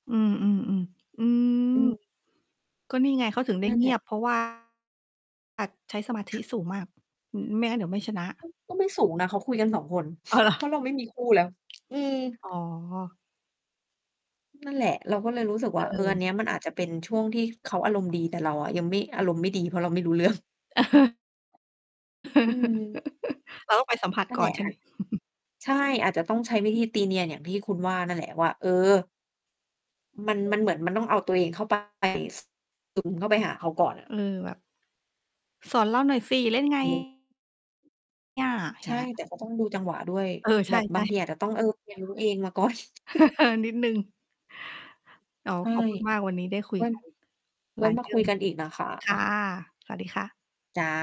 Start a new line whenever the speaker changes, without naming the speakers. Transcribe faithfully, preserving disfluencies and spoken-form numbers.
อืม ๆ ๆ อืม
อืม
ก็นี่ไงเขาถึงได้
นั่น
เง
แ
ี
หล
ย
ะ
บ เพราะ ว่า อาจใช้สมาธิสูงมาก อืม ไม่งั้นเดี๋ยวไม่ชนะ
ก็ ก็ไม่สูงนะเขาคุยกัน สอง คน
อ้าว เหรอ?
เพราะเราไม่มีคู่แล้ว อือ
อ๋อ
นั่นแหละ เราก็เลยรู้สึก
เ
ว่า เออ อัน
ออ
เนี้ย มันอาจจะเป็นช่วงที่เขาอารมณ์ดี แต่เราอะยังไม่ อารมณ์ไม่ดี เพราะเราไม่รู้ เรื่อง อืม
เราต้องไป สัมผัส
นั่
ก
น
่
แ
อ
หล
น
ะ
ใช่
อ
ไห
ั่
ม?
น ใช่ อาจจะต้องใช้วิธีตีเนียนอย่างที่คุณว่านั่นแหละว่า เออ มัน มันเหมือน มันต้องเอาตัวเอง เข้าไป ซึม เข้าไปหาเขาก่อน น่
เ
ะ
ออ แบบ สอนเราหน่อยสิ เล่น ไง อา
ใช
เง
่
ี้
แ
ย
ต่ก็ต้องดูจังหวะด้วย
เออ
แ
ใช
บบบา
่
งที
ๆ
อาจจะต้อง เออ เรียนรู้ เองมา ก่อน
นิดหนึ่ง อ๋อ
ใช่
ขอบคุณมาก วันนี้ ได้คุย
วั่น
กัน
ไ
ห
ว
ล
้
าย
ม
เ
า
รื
ค
่
ุ
อง
ยกันอีกนะ คะ
ค่ะ สวัสดีค่ะ
จ้ะ